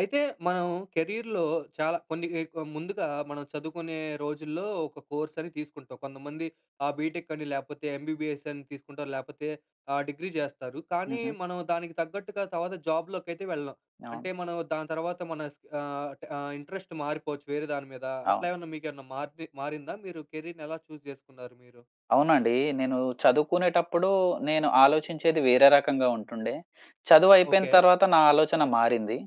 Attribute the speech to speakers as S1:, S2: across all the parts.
S1: అయితే మనం కెరియర్‌లో చాలా కొన్ని ముందుగా మనం చదువుకునే రోజుల్లో ఒక కోర్స్ అని తీసుకుంటాం. కొంతమంది ఆ బీటెక్ అని లేకపోతే ఎంబీబీఎస్ అని తీసుకుంటారు లేకపోతే ఆహ్, డిగ్రీ చేస్తారు. కానీ
S2: హుహు.
S1: మనం దానికి తగ్గట్టుగా తర్వాత జాబ్‌ లోకైతే వెళ్ళం,
S2: అవును.
S1: అంటే మనం దాని తర్వాత మన ఆహ్, ఆహ్, ఇంట్రెస్ట్ మారిపోవచ్చు, వేరే దాని మీద. అట్లా
S2: అవును.
S1: ఏమన్నా మీకేమన్నా మార్ మారిందా? మీరు కెరీర్‌ని ఎలా చూజ్ చేసుకున్నారు మీరు?
S2: అవునండి. నేను చదువుకునేటప్పుడు, నేను ఆలోచించేది వేరే రకంగా ఉంటుండే. చదువు అయిపోయిన
S1: ఓకె.
S2: తర్వాత నా ఆలోచన మారింది.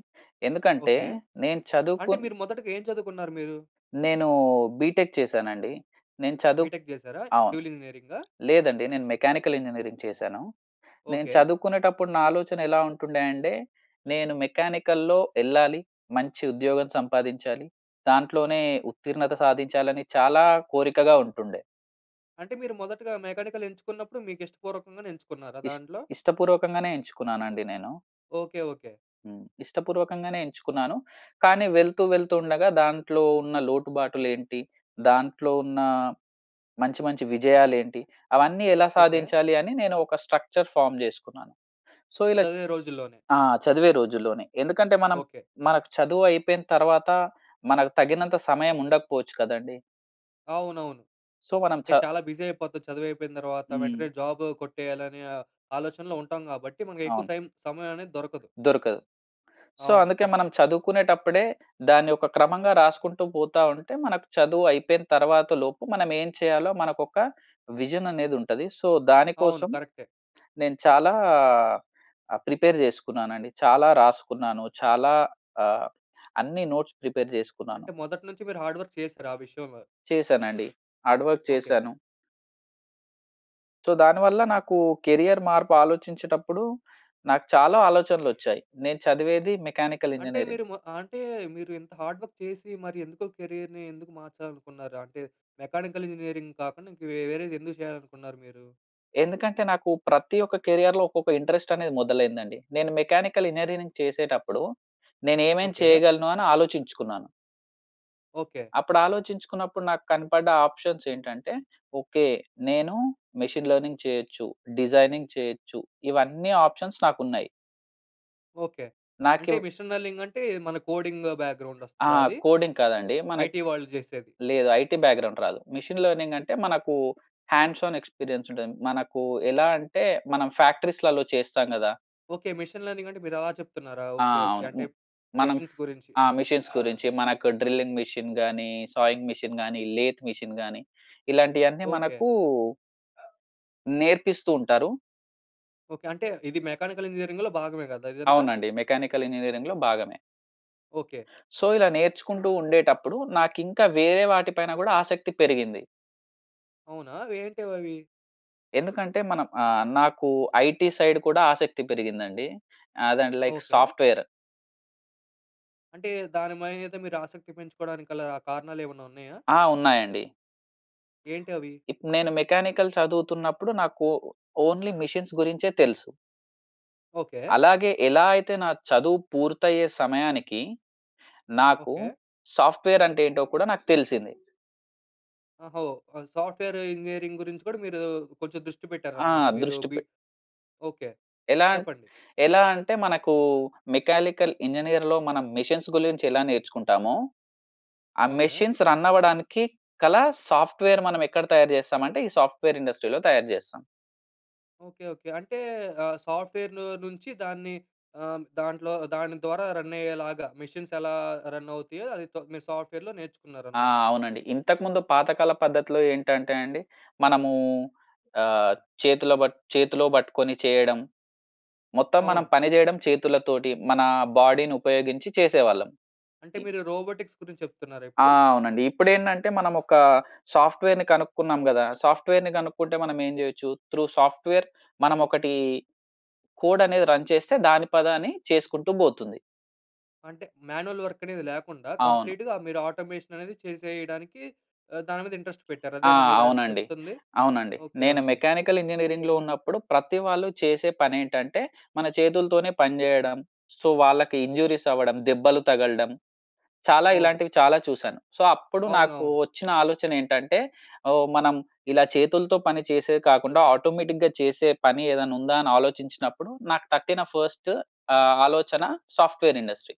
S2: ఎందుకంటే
S1: ఓకె.
S2: నేను చదువుకు
S1: అంటే మీరు మొదటగా ఏం చదువుకున్నారు మీరు?
S2: నేను బీటెక్ చేశానండి. నేను చదువు,
S1: బీటెక్ చేసారా?
S2: అవును.
S1: సివిల్ ఇంజినీరింగా?
S2: లేదండి నేను మెకానికల్ ఇంజినీరింగ్ చేశాను. నేను
S1: ఓకె.
S2: చదువుకునేటప్పుడు నా ఆలోచన ఎలా ఉంటుండే అంటే నేను మెకానికల్‌లో ఎళ్ళాలి మంచి ఉద్యోగం సంపాదించాలి. దాంట్లోనే ఉత్తీర్ణత సాధించాలని చాలా కోరికగా ఉంటుండె.
S1: అంటే మీరు మొదటగా మెకానికల్ ఎంచుకున్నప్పుడు మీకు ఇష్టపూర్వకంగానే ఎంచుకున్నారా
S2: ఇష్ట్
S1: దాంట్లో?
S2: ఇష్టపూర్వకంగానే ఎంచుకున్నాను అండి నేను.
S1: Okay, okay.
S2: హ్మ్, ఇష్టపూర్వకంగానే ఎంచుకున్నాను. కానీ వెళ్తూ వెళ్తూ ఉండగా దాంట్లో ఉన్న లోటుబాటులు ఏంటి, దాంట్లో ఉన్న మంచి మంచి విజయాలు ఏంటి? అవన్నీ ఎలా
S1: ఓకె.
S2: సాధించాలి అని నేను ఒక స్ట్రక్చర్ ఫార్మ్ చేసుకున్నాను. సో ఇలా
S1: చదివే రోజుల్లోనె.
S2: ఆ! చదివే రోజుల్లోనే ఎందుకంటే మనం,
S1: ఓకె.
S2: మనకు చదువు అయిపోయిన తర్వాత మనకు తగినంత సమయం ఉండకపోవచ్చు కదండీ.
S1: అవునవును.
S2: సో మనం
S1: అంటే,
S2: ఛ
S1: చాలా బిజి అయిపోది చదువు అయిపోయిన తర్వాత
S2: హ్మ్.
S1: వెంటనే జాబ్ కొట్టేయాలనే ఆహ్, ఆలోచనలో ఉంటాం కాబట్టి మనకు ఎక్కువ
S2: అవును.
S1: సైమ్ సమయం అనేది దొరకదు.
S2: దొరకదు. సో
S1: అవును.
S2: అందుకే మనం
S1: కరెక్టే.
S2: చదువుకునేటప్పుడే, దాన్ని ఒక క్రమంగా రాసుకుంటూ పోతా ఉంటే మనకు చదువు అయిపోయిన తర్వాతలోపు, మనం ఏం చేయాలో మనకు ఒక విజన్ అనేది ఉంటది. సో
S1: అవును.
S2: దానికోసం
S1: కరెక్టే.
S2: నేను చాలా ఆహ్, ప్రిపేర్ చేసుకున్నానండి, చాలా రాసుకున్నాను చాలా ఆహ్, అన్ని నోట్స్ ప్రిపేర్ చేసుకున్నాను.
S1: అంటే మొదటి నుంచి మీరు హార్డ్ వర్క్ చేసారు ఆ విషయంలో.
S2: చేశానండి. Hard work
S1: okay.
S2: చేశాను. సో దానివల్ల నాకు కేరీయర్ మార్పు ఆలోచించేటప్పుడు, నాకు చాలా ఆలోచనలొచ్చాయి. నేను చదివేది మెకానికల్
S1: అంటే
S2: ఇంజినీరింగ్.
S1: మీరు, మో అంటే మీరు ఇంత హార్డ్‌వర్క్ చేసి, మరి ఎందుకో కెరీయర్‌నీ ఎందుకు మార్చాలనుకున్నారు, అంటే మెకానికల్ ఇంజినీరింగ్ కాకుండా ఇంకా వేరేది ఎందుకు చేయాలనుకున్నారు మీరు?
S2: ఎందుకంటే, నాకు ప్రతి ఒక్క కేరియర్లో ఒక్కొక్క ఇంట్రెస్ట్ అనేది మొదలైందండి. నేను మెకానికల్ ఇంజినీరింగ్ చేసేటప్పుడు నేనేమేమి
S1: ఓకే.
S2: చేయగలను అని ఆలోచించుకున్నాను.
S1: ఓకే.
S2: అప్పుడు ఆలోచించుకున్నప్పుడు నాకు కనపడ్డ ఆప్షన్స్ ఏంటంటే, ఓకే నేను మెషిన్ లెర్నింగ్ చేయొచ్చు, డిజైనింగ్ చేయొచ్చు ఇవన్నీ ఆప్షన్స్ నాకున్నాయి.
S1: ఓకే. అంటే
S2: నాకివ్
S1: మెషీన్ లెర్నింగ్ అంటే, మన కోడింగ్ బ్యాగ్రౌండ్
S2: ఆ!
S1: వస్తదా అది?
S2: కోడింగ్ కాదండి. మనకు
S1: ఐటీ వాళ్ళు చేసేది.
S2: లేదు. ఐటీ బ్యాక్‌గ్రౌండ్ రాదు. మెషిన్ లెర్నింగ్ అంటే, మనకు హండ్స్ ఆన్ ఎక్స్పీరియన్స్‌‌డ్ ఉంటుంది. మనకు ఎలా అంటే, మనం ఫ్యాక్టరీస్‌లలో చేస్తాం కదా!
S1: ఓకే. మెషీన్ లెర్నింగ్ అంటే, మీరు అలా చెప్తున్నారా?
S2: ఆ!
S1: ఓకే. ఓకే.
S2: అవును. వు
S1: అంటే
S2: మనం
S1: మెషీన్స్ గురించి.
S2: ఆ!
S1: హ్మ్.
S2: మేషీన్స్ గురించి, మనకు డ్రిల్లింగ్ మెషీన్‌‌ గాని సావింగ్ మెషీన్‌‌ గాని, లేత్‌ మెషీన్‌‌ గాని ఇలాంటివన్నీ
S1: ఓకే.
S2: మనకు నేర్పిస్తూ ఉంటారు.
S1: ఓకే. అంటే, ఇది మెకానికల్ ఇంజినీరింగ్‌లో భాగమే కదా! ఇదంతా?
S2: అవునండి. మెకానికల్ ఇంజినీరింగ్‌లో భాగమే...
S1: ఓకే.
S2: సో, ఇలా నేర్చుకుంటూ ఉండేటప్పుడు. నాకు ఇంకా వేరే వాటి పైన కూడా ఆసక్తి పెరిగింది.
S1: అవునా? అవి ఏంటివి అవి?
S2: ఎందుకంటే, మనం ఆహ్, నాకు ఐటీ సైడ్ కూడా ఆసక్తి పెరిగిందండి. అదె అంటె లైక్
S1: ఓకే.
S2: సాఫ్ట్‌‌వేర్.
S1: అంటే, దాని మీదంతా మీరు ఆసక్తి పెంచుకోవడానికి గల కారణాలు ఏమన్నా ఉన్నాయా?
S2: ఆ! ఉన్నాయండి.
S1: ఏంటవి?
S2: ఇప్పుడు నేను మెకానికల్ చదువుతున్నప్పుడు, నాకు ఓ ఓన్లీ మెషీన్స్ గురించే తెలుసు.
S1: ఓకే.
S2: అలాగే ఎలా అయితే నా చదువు పూర్తయ్యే సమయానికి, నాకు
S1: ఓకే.
S2: సాఫ్ట్‌వేర్ అంటే ఏంటో కూడా నాకు తెలిసింది.
S1: అహో! ఆ! సాఫ్ట్‌వే‌ర్ ఇంజినీరింగ్ గురించి కూడా మీరు కొంచెం దృష్టి
S2: ఆ!
S1: పెట్టారన్నమాట. మీరు
S2: దృష్టి
S1: బి
S2: పె
S1: ఓకె.
S2: ఎలా
S1: చెప్పండి.
S2: ఎలా అంటే మనకు మెకానికల్ ఇంజనీర్‌లో మనం మెషిన్స్ గురించి ఎలా నేర్చుకుంటామో? ఆ
S1: ఓకె.
S2: మెషిన్స్ రన్ అవ్వడానికి గల సాఫ్ట్‌వేర్ మనం ఎక్కడ తయారు చేస్తాం అంటే ఈ సాఫ్ట్‌వే‌ర్ ఇండస్ట్రి‌లో తయారు చేస్తాం.
S1: ఓకె. ఓకె. అంటే ఆహ్, సాఫ్ట్‌వే‌ర్‌లో నుంచి దాన్ని ఆహ్, దాంట్లో దాని ద్వారా రన్ అయ్యేలాగా మెషిన్స్ ఎలా రన్ అవుతాయో అది మీరు సాఫ్ట్‌వే‌ర్‌లో
S2: ఆ!
S1: నేర్చుకున్నారన్నమాట.
S2: అవునండి. ఇంతకుముందు పాతకాల పద్ధతిలో ఏంటంటే అండి మనము ఆహ్, చేతిలో పట్ చేతిలో పట్టుకొని చేయడం. మొత్తం మనం
S1: అవును.
S2: పని చేయడం చేతులతోటి మన బాడీ‌ని ఉపయోగించి చేసేవాళ్ళం.
S1: అంటే
S2: ఈ
S1: మీరు రోబోటిక్స్ గురించి చెప్తున్నారా
S2: ఆ!
S1: ఇప్పుడు?
S2: అవునండి. ఇప్పుడు ఏంటంటే మనం ఒక సాఫ్ట్‌వేర్‌ని కనుకున్నాం కదా! సాఫ్ట్‌వేర్‌ని కనుక్కుంటే మనం ఏం చేయొచ్చు? త్రూ సాఫ్ట్‌వేర్‌ మనం ఒకటి కోడ్ అనేది రన్ చేస్తే దాని పది అని చేసుకుంటూ పోతుంది.
S1: అంటే మాన్యూవల్ వర్క్ అనేది లేకుండా
S2: అవును.
S1: కంప్లీట్‌గా ఆహ్, మీరు ఆటోమేషన్ అనేది చేసేయడానికి ఆహ్, దాని మీద ఇంట్రెస్ట్ పెట్టారు.
S2: ఆ!
S1: అదేనా మీరు అన్
S2: అవునండి.
S1: చెప్తుంది?
S2: అవునండి.
S1: ఓకె.
S2: నేను
S1: ఓకె.
S2: మెకానికల్ ఇంజినీరింగ్‌లో ఉన్నప్పుడు ప్రతి వాళ్ళు చేసే పని ఏంటంటే మన చేతులతోనే పని చేయడం. సొ వాళ్ళకి ఇంజురీస్ అవ్వడం, దెబ్బలు తగలడం, చాలా
S1: అవును.
S2: ఇలాంటివి చాలా చూసాను. సో అప్పుడు నాకు
S1: అవునవును.
S2: వచ్చిన ఆలోచన ఏంటంటే ఓహ్! మనం ఇలా చేతులతో పని చేసేది కాకుండా ఆటోమేటిక్‌గా చేసే పని ఏదైనా ఉందా? అని ఆలోచించినప్పుడు నాకు తట్టిన ఫస్ట్ ఆహ్, ఆలోచన సాఫ్ట్‌వే‌ర్ ఇండస్ట్రీ.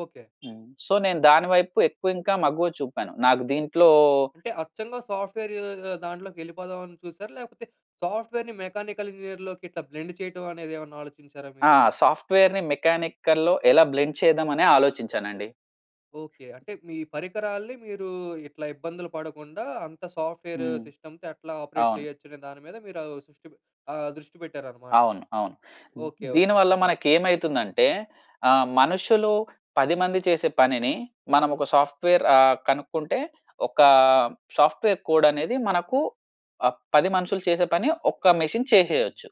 S1: ఓకె.
S2: హ్మ్. సో నేను దాని వైపు ఎక్కువ ఇంకా మగ్గువ చూపాను. నాకు దీంట్లో
S1: అంటే అచ్చంగా సాఫ్ట్‌వే‌రు ఆహ్, దాంట్లోకి ఎళ్ళిపోదాం అని చూసారా? లేకపోతే సాఫ్ట్‌వే‌ర్‌ని మెకానికల్ ఇంజనీర్‌లోకి ఇట్లా బ్లెండ్ చేయడం అనేది ఏమన్నా ఆలోచించారా
S2: ఆ!
S1: మీరు?
S2: సాఫ్ట్‌వే‌ర్‌ని మెకానికల్‌లో ఎలా బ్లెండ్ చేద్దాం అని ఆలోచించానండి.
S1: ఓకె. అంటే మీ పరికరాల్ని మీరు ఇట్లా ఇబ్బందులు పడకుండా అంత సాఫ్ట్‌వే‌ర్
S2: హ్మ్.
S1: సిస్టమ్‌తో ఎట్లా ఆపరేట్
S2: అవును.
S1: చేయొచ్చు అనే దాని మీద మీరు ఆహ్, శృ‌ష్టి పె ఆహ్, దృష్టి పెట్టారన్నమాట.
S2: అవును. అవును.
S1: ఓకె.
S2: ద్ దీని
S1: ఓకె.
S2: వల్ల
S1: చెప్పండి.
S2: మనకు ఏమైతుందంటే ఆహ్, మనుషులు 10 మంది చేసే పనిని మనం ఒక సాఫ్ట్‌వే‌ర్ ఆహ్, కనుక్కుంటే ఒక సాఫ్ట్‌వే‌ర్ కోడ్ అనేది మనకు ఆ 10 మనుషులు చేసే పని ఒక మెషిన్ చేసేయొచ్చు.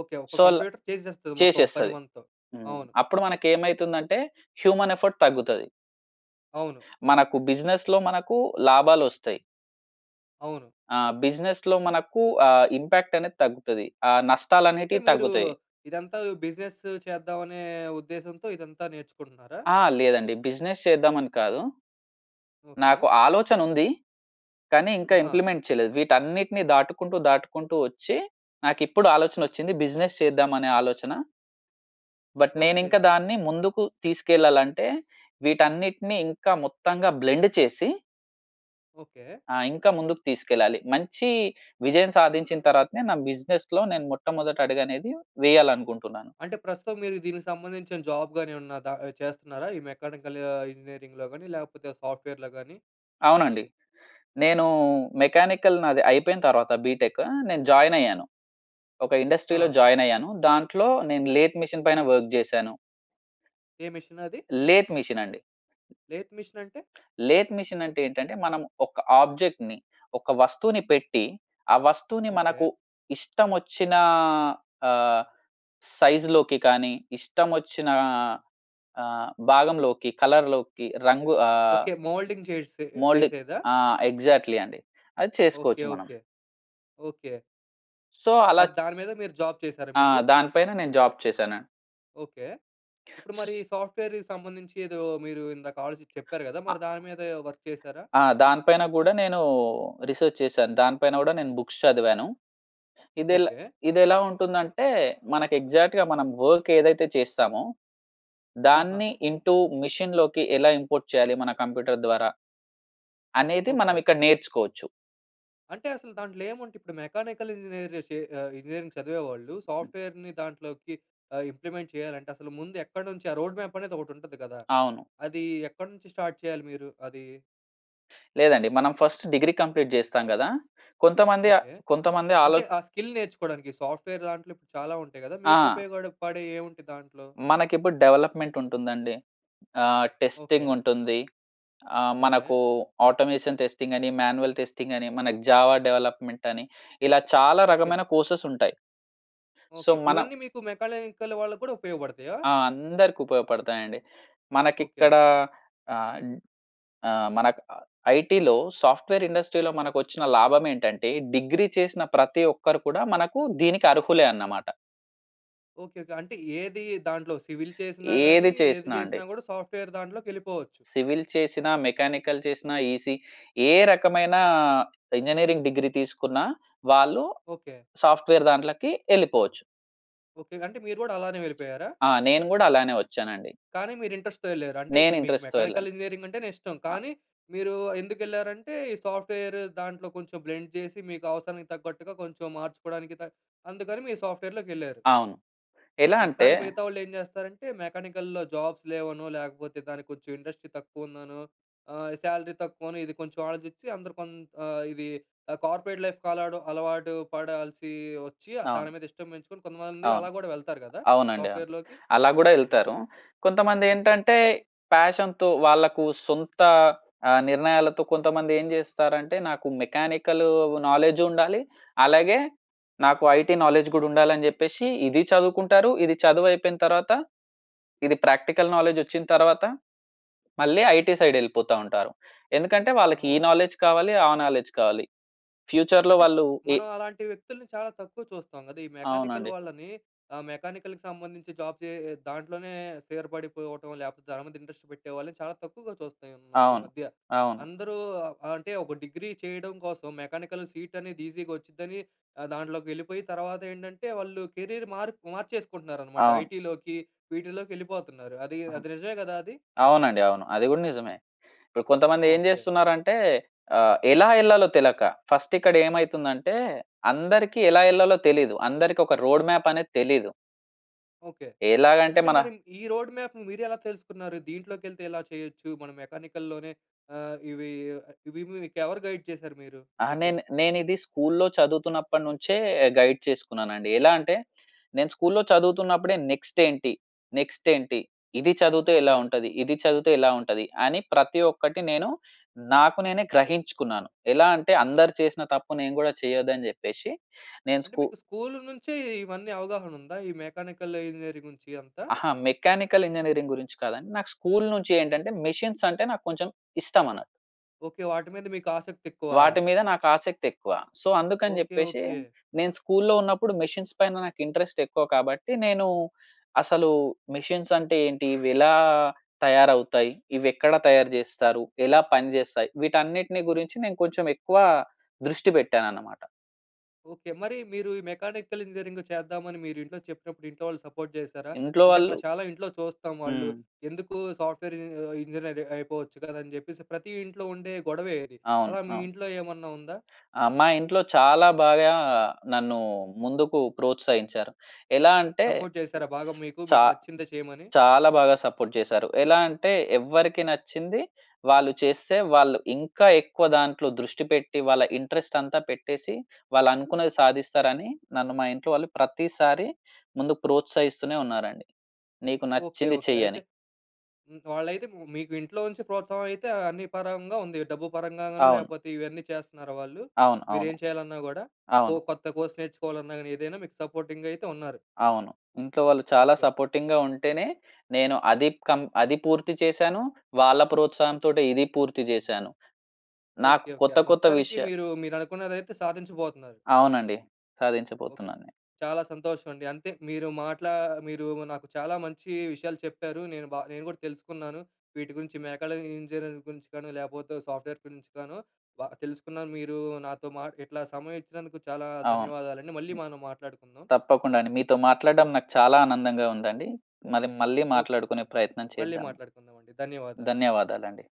S1: ఓకె. ఒక
S2: సో అలా
S1: కంప్యూటర్ చేసేస్తది మొత్తం ఒక పని
S2: చేసేస్తది.
S1: మనతో.
S2: హ్మ్.
S1: అవును.
S2: అప్పుడు మనకు ఏమైతుందంటే హ్యూమన్ ఎఫర్ట్ తగ్గుతాది.
S1: అవును.
S2: మనకు బిజినెస్‌లో మనకు లాభాలోస్తాయి.
S1: అవును.
S2: ఆ! బిజినెస్‌లో మనకు ఆహ్, ఇంపాక్ట్ అనేది తగ్గుతది. ఆహ్, నష్టాలు
S1: అంటే,
S2: అనేటివి
S1: మీరు
S2: తగ్గుతాయి.
S1: ఇదంతా బిజినెస్సు చేద్దామనే ఉద్దేశంతో ఇదంతా నేర్చుకుంటున్నారా?
S2: ఆ! లేదండి బిజినెస్ చేద్దామని కాదు.
S1: ఓకే.
S2: నాకు ఆలోచన ఉంది. కానీ, ఇంకా
S1: ఆహా!
S2: ఇంప్లిమెంట్ చేయలేదు. వీటన్నిటిని దాటుకుంటూ, దాటుకుంటూ వచ్చి నాకు ఇప్పుడు ఆలోచనొచ్చింది, బిజినెస్ చేద్దాం అనే ఆలోచన... బట్, నేను
S1: ఓకే.
S2: ఇంకా దాన్ని ముందుకు తీసుకెళ్ళాలంటే, వీటన్నిటిని ఇంకా మొత్తంగా బ్లెండ్ చేసి
S1: ఓకే.
S2: ఆ! ఇంకా ముందుకు తీసుకెళ్ళాలి. మంచి విజయం సాధించిన తరువాతనే నా బిజినెస్‌లో మొట్టమొదటి అడుగ‌నేది వేయాలి అనుకుంటున్నాను.
S1: అంటే ప్రస్తుతం మీరు దీనికి సంబంధించిన జాబ్ గాని ఏమన్నా ద చేస్తున్నారా? ఈ మెకానికల్ ఆహ్, ఇంజినీరింగులో గాని లేకపోతే సాఫ్ట్‌వేర్‌లో గాని.
S2: అవునండి. నేను మెకానికల్ నాది అయిపోయిన తర్వాత, బిటెక్ నేను జాయిన్ అయ్యాను. ఒక ఇండస్ట్రీ‌లో
S1: ఆ!
S2: జాయిన్ అయ్యాను. దాంట్లో నేను లేత్ మెషిన్ పైన వర్క్ జేశాను.
S1: ఏ మెషినది?
S2: లేత్ మెషినండి.
S1: లేత్ మెషినంటే?
S2: లేత్ మెషిన్ అంటే ఏంటంటే మనం ఒక ఆబ్జెక్ట్‌ని ఒక వస్తువుని పెట్టి, ఆ వస్తువుని
S1: ఓకే.
S2: మనకు ఇష్టం వచ్చిన ఆహ్, సైజ్‌లోకి కానీ, ఇష్టం వచ్చిన ఆహ్, ఆహ్, భాగంలోకి, కలర్‌లోకి రంగు ఆహ్
S1: ఓకే. మౌల్డింగ్ చేసే
S2: మౌల్డ్
S1: చేసేదా?
S2: ఆ! ఎగ్జాక్ట్‌లీ అండి. అది చేసుకోవచ్చు
S1: ఓకే.
S2: మనం.
S1: ఓకే. ఓకే.
S2: సో, అలా
S1: అది దాని మీద మీరు జాబ్ చేసారా
S2: ఆ!
S1: మీరు?
S2: దాని పైన నేను జాబ్ చేశానండి.
S1: ఓకే. ఇప్పుడు మరి సాఫ్ట్‌వేర్‌కి సంబంధించి ఏదో మీరు ఇందాక ఆలోచించి చెప్పారు గదా! మరి దాని మీద వర్క్ చేసారా?
S2: ఆ! దానిపైన గూడా నేను రిసర్చ్ చేశాను. దానిపైన గూడా నేను బుక్స్ చదివాను. ఇదెలా
S1: ఓకే.
S2: ఇదెలా ఉంటుందంటే, మనకు ఎగ్జాక్ట్‌గా మనం వర్క్ ఏదైతే చేస్తామో,
S1: ఆహా!
S2: దాన్ని ఇంటూ మెషిన్‌లోకి ఎలా ఇంపోర్ట్ చేయాలి మన కంప్యూటర్ ద్వారా? అనేది మనం
S1: ఓకే.
S2: ఇక్కడ నేర్చుకోవచ్చు.
S1: అంటే, అసలు దాంట్లో ఏముంట ఇప్పుడు మెకానికల్ ఇంజనీర్స్ జేసే ఆహ్, ఇంజనీరింగ్ చదివేవాళ్ళు సాఫ్ట్‌వేర్‌‌ని దాంట్లోకి ఆహ్, ఇంప్లిమెంట్ చేయాలంటే, అసలు ముందు ఎక్కడ నుంచి ఆ రోడ్ మ్యాప్ అనేది ఒకటుంటది గదా!
S2: అవును.
S1: అది ఎక్కడ నుంచి స్టార్ట్ చేయాలి మీరు అది?
S2: లేదండి. మనం ఫస్ట్ డిగ్రీ కంప్లీట్ చేస్తాం కదా! కొంతమంది ఆహ్,
S1: ఓకే.
S2: కొంతమంది ఆలో
S1: అంటే ఆ స్కిల్ నేర్చుకోవడానికి సాఫ్ట్‌వేర్‌‌ దాంట్లో ఇప్పుడు చాలా ఉంటాయి గదా! మీకు
S2: ఆ!
S1: ఉపయోగపడే పడేవి ఏముంటాయి దాంట్లో.
S2: మనకిప్పుడు, డెవలప్మెంట్ ఉంటుందండి. ఆహ్, టెస్టింగ్
S1: ఓకే.
S2: ఉంటుంది. ఆహ్,
S1: ఓకే.
S2: మనకు ఆటోమేషన్ టెస్టింగ్ అని, మాన్యూవల్ టెస్టింగ్ అని, మన జావ డెవలప్మెంట్ అని ఇలా చాలా
S1: ఓకే.
S2: రకమైన కోర్సెస్ ఉంటాయి. So,
S1: okay.
S2: మనం
S1: ఇవన్నీ మీకు మెకాలనికల్ వాళ్ళకి కూడా ఉపయోగపడతయా?
S2: ఆ! అందరికి ఉపయోగపడుతాయండి.
S1: ఓకే.
S2: మనకిక్కడ ఆహ్, ఆహ్, మనకి ఐటీ‌లో సాఫ్ట్‌వేర్ ఇండస్ట్రీ‌లో మనకొచ్చిన లాభం ఏంటంటే, డిగ్రీ చేసిన ప్రతి ఒక్కరు కూడా మనకు దీనికి అర్హులే అన్నమాట.
S1: ఓకే. ఓకే. అంటే ఏది దాంట్లో సివిల్ చేసినా
S2: ఏది
S1: గాని, ఏది
S2: చేసినా అండి.
S1: చేసినా కూడా సాఫ్ట్‌వేర్ దాంట్లోకి వెళ్ళిపోవచ్చు.
S2: సివిల్ చేసినా, మెకానికల్ చేసినా, ఈసిఈ ఏ రకమైన ఇంజనీరింగ్ డిగ్రీ తీసుకున్నా, వాళ్ళు
S1: ఓకే.
S2: సాఫ్ట్‌వేర్ దాంట్లోకి వెళ్ళిపోవచ్చు.
S1: ఓకే. అంటే మీరు కూడా అలానే వెళ్ళిపోయారా?
S2: ఆ! నేను కూడా అలానే వచ్చానండి.
S1: కానీ మీరు ఇంట్రెస్ట్‌తో వెళ్లారు. అంటే
S2: నేను
S1: మీకు
S2: ఇంట్రెస్ట్‌తో వెళ్ళాను.
S1: మెకానికల్ ఇంజనీరింగ్ అంటేనే ఇష్టం.
S2: ఆ!
S1: కానీ మీరు ఎందుకు ఎళ్లారు అంటే, ఈ సాఫ్ట్‌వేర్ దాంట్లో కొంచెం బ్లెండ్ చేసి, మీకు అవసరానికి తగ్గట్టుగా కొంచెం మార్చుకోవడానికి కా అందుకని మీరు సాఫ్ట్‌వేర్‌లోకి వెళ్లారు.‌
S2: అవును. ఎలా
S1: హ్మ్.
S2: అంటే
S1: కానీ మిగతా వాళ్ళు ఏం చేస్తారంటే, మెకానికల్‌లో జాబ్స్ లేవనో లేకపోతే దానికి కొంచెం ఇండస్ట్రీ తక్కువ ఉందనో, ఆహ్, సాలరీ తక్కువనో ఇది కొంచెం ఆలోచించి అందరు కో ఆహ్, ఇది కార్పొరేట్ లైఫ్ కాలడం అలవాటు పడాల్సి వచ్చి
S2: అవును.
S1: దాని మీద ఇష్టం పెంచుకొని, కొంతమంది
S2: అవును.
S1: అలా కూడా వెళ్తారు కదా!
S2: అవునండి, అవును.
S1: సాఫ్ట్‌వేర్‌లోకి.
S2: అలా కూడా
S1: హుహు.
S2: ఎళ్తారు. కొంతమంది
S1: ఓకే.
S2: ఏంటంటే, ప్యాషన్ వాళ్ళకు సొంత ఆ! నిర్ణయాలతో కొంతమంది ఏం చేస్తారంటే, నాకు మెకానికల్ నాలెడ్జ్ ఉండాలి. అలాగే నాకు ఐటీ నాలెడ్జ్ కూడా ఉండాలి అని చెప్పేసి, ఇది చదువుకుంటారు. ఇది చదువు అయిపోయిన తర్వాత ఇది ప్రాక్టికల్ నాలెడ్జ్ వచ్చిన తర్వాత, మళ్ళీ ఐటీ సైడ్ వెళ్ళిపోతా ఉంటారు. ఎందుకంటే వాళ్ళకి, ఈ
S1: అవును.
S2: నాలెడ్జ్ కావాలి. ఆ నాలెడ్జ్ కావాలి. ఫ్యూచర్‌లో
S1: అంటే,
S2: వాళ్ళు ఏ
S1: మనం అలాంటి వ్యక్తుల్ని చాలా తక్కువ చూస్తాం కదా! ఈ మెకానికల్
S2: అవునండి.
S1: వాళ్ళని ఆ మెకానికల్‌కి సంబంధించి జాబ్ చే దాంట్లోనే స్థిరపడిపోవటం. లేకపోతే దాని మీద ఇంట్రెస్ట్ పెట్టే వాళ్ళని చాలా తక్కువగా చూస్తున్నాం ఈ ఈ
S2: అవును.
S1: మధ్య.
S2: అవును.
S1: అందరూ అంటే ఒక డిగ్రీ చేయడం కోసం మెకానికల్ సీట్ అనేది ఈజీగా వచ్చిదని దాంట్లోకి వెళ్ళిపోయి, తర్వాత ఏంటంటే వాళ్ళు కెరియర్ మార్ మార్చేసుకుంటున్నారనమాట.
S2: అవును.
S1: ఐటీలోకి వీటిలోకెళ్ళిపోతున్నారు. అది, అది నిజమే కదా! అది.
S2: అవునండి, అవును. అది గూడా నిజమే ఇపుడు కొంతమంది ఏం
S1: ఓకే.
S2: చేస్తున్నారు అంటే ఆహ్, ఎలా ఏళ్ళాలో తెలక, ఫస్ట్ ఇక్కడ ఏమైతుంది అంటే, అందరికి ఎలా ఏళ్ళాలో తెలీదు. అందరికి ఒక రోడ్ మ్యాప్ అనేది తెలీదు.
S1: ఓకే.
S2: ఎలాగ అంటే
S1: అంటే
S2: మన
S1: మరి, ఈ రోడ్ మ్యాప్ మీరు ఎలా తెలుసుకున్నారు? దీంట్లోకి వెళ్తే ఎలా చేయొచ్చు మనం మెకానికల్‌లోనే ఆహ్, ఇవి ఇవి మీకు ఎవరు గైడ్ చేసారు మీరు
S2: ఆ
S1: మీకు?
S2: నేను నేను ఇది స్కూల్‌లో చదువుతున్నప్పటి నుంచే గైడ్ చేసుకున్నానండి. ఎలా అంటే, నేను స్కూల్‌లో చదువుతున్నప్పుడే, నెక్స్ట్ ఏంటి, నెక్స్ట్ ఏంటి? ఇది చదివితే ఎలా
S1: ఓకే.
S2: ఉంటది? ఇది చదివితే ఎలా ఉంటది? అని ప్రతి ఒక్కటి నేను, నాకు నేనే గ్రహించుకున్నాను. ఎలా అంటే అందరు చేసిన తప్పు నేను కూడా చేయదు అని చెప్పేసి నేను
S1: అంటే,
S2: స్కూ
S1: మీకు స్కూల్ నుంచే ఇవన్నీ అవగాహన ఉందా? ఈ మెకానికల్ ఇంజినీరింగ్ గురించి అంతా?
S2: అహా! మెకానికల్ ఇంజినీరింగ్ గురించి కాదండి. నాకు స్కూల్ నుంచి ఏంటంటే, మెషీన్స్ అంటే నాకు కొంచెం ఇష్టం అన
S1: ఓకే. వాటి మీద మీకు ఆసక్తి ఎక్కువా?
S2: వాటి మీద నాకు ఆసక్తి ఎక్కువ. సో, అందుకని
S1: ఓకే
S2: చెప్పేసి
S1: ఓకే.
S2: నేను స్కూల్‌లో ఉన్నప్పుడు మెషిన్స్ పైన నాకు ఇంట్రెస్ట్ ఎక్కువ. కాబట్టి నేను అసలు మెషిన్స్ అంటే ఏంటి, ఇవి ఎలా తయారవుతాయి? ఇవి ఎక్కడ తయారు చేస్తారు? ఎలా పనిచేస్తాయి? వీటన్నిటిని గురించి నేను కొంచెం ఎక్కువ దృష్టి పెట్టాను అన్నమాట.
S1: ఓకే. మరి, మీరు ఈ మెకానికల్ ఇంజినీరింగ్ చేద్దామని మీరు ఇంట్లో చెప్పినప్పుడు ఇంట్లో వాళ్ళు సపోర్ట్ చేసారా?
S2: ఇంట్లో
S1: అంటే
S2: వాళ్ళు
S1: మనం చాలా ఇంట్లో చూస్తాం. వాళ్ళు
S2: హ్మ్.
S1: ఎందుకు సాఫ్ట్‌వేర్ ఇంజినీర్ అయిపోవచ్చు కదా! అని చెప్పేసి ప్రతి ఇంట్లో ఉండే గొడవే ఇది.
S2: అవును.
S1: అలా మీ
S2: అవును.
S1: ఇంట్లో ఏమన్నా ఉందా?
S2: ఆ! మా ఇంట్లో చాలా బాగా నన్ను ముందుకు ప్రోత్సహించారు. ఎలా అంటే
S1: సపోర్ట్ చేశారా? బాగా మీకు
S2: చా
S1: మీకు నచ్చిందే చేయమని?
S2: చాలా బాగా సపోర్ట్ చేసారు. ఎలా అంటే, ఎవరికి నచ్చింది వాళ్ళు చేస్తే, వాళ్ళు ఇంకా ఎక్కువ దాంట్లో దృష్టి పెట్టి వాళ్ళ ఇంట్రెస్ట్ అంతా పెట్టేసి, వాళ్ళు అనుకున్నది సాధిస్తారని, నన్ను మా ఇంట్లో వాళ్ళు ప్రతిసారి ముందు ప్రోత్సహిస్తూనే ఉన్నారండి. నీకు
S1: ఓకే
S2: నచ్చింది
S1: ఓకే.
S2: చెయ్యి అని.
S1: అయితే వాళ్ళైతే మీకు ఇంట్లో నుంచి ప్రోత్సాహం అయితే అన్ని పరంగా ఉంది. డబ్బు పరంగా గాను
S2: అవును.
S1: లేకపోతే ఇవన్నీ చేస్తున్నారా వాళ్ళు?
S2: అవును, అవును.
S1: మీరేం చేయాలన్నా కూడా? కొ
S2: అవును.
S1: కొత్త కోర్స్ నేర్చుకోవాలన్నా గాని ఏదైనా మీకు సపోర్టింగ్ అయితే ఉన్నారు.
S2: అవును. ఇంట్లో వాళ్ళు చాలా
S1: ఓకే. ఓకే.
S2: సపోర్టింగ్‌గా ఉంటేనే, నేను అది కం అది పూర్తి చేశాను. వాళ్ళ ప్రోత్సాహం తోటి ఇది పూర్తి చేశాను. నాకు
S1: ఓకే. ఓకే.
S2: కొత్త కొత్త
S1: మొత్తానికి
S2: విషయాలు
S1: మీరు మీరు అనుకున్నదైతే సాధించబోతున్నారు.
S2: అవునండి.
S1: ఓకే.
S2: సాధించబోతున్నాను.
S1: చాలా సంతోషం అండి. అంతే మీరు మాట్లా మీరు నాకు చాలా మంచి విషయాలు చెప్పారు. నేను బా నేను కూడా తెలుసుకున్నాను. వీటి గురించి మేకాల ఇంజనీరింగ్ గురించి కానీ లేకపోతే సాఫ్ట్‌వేర్ గురించి కాను. బాగా తెలుసుకున్నాను. మీరు నాతో మా ఇట్లా సమయం ఇచ్చినందుకు చాలా
S2: అవును.
S1: ధన్యవాదాలండి. మళ్ళీ మనం మాట్లాడుకుందాం.
S2: తప్పకుండా అండి. మీతో మాట్లాడడం నాకు చాలా ఆనందంగా ఉందండి. మరి మళ్ళి
S1: ఓకే.
S2: మాట్లాడుకునే ప్రయత్నం
S1: మళ్ళీ
S2: చేద్దాం.
S1: మాట్లాడుకుందామండి. ధన్యవాదాలు.
S2: ధన్యవాదాలండి.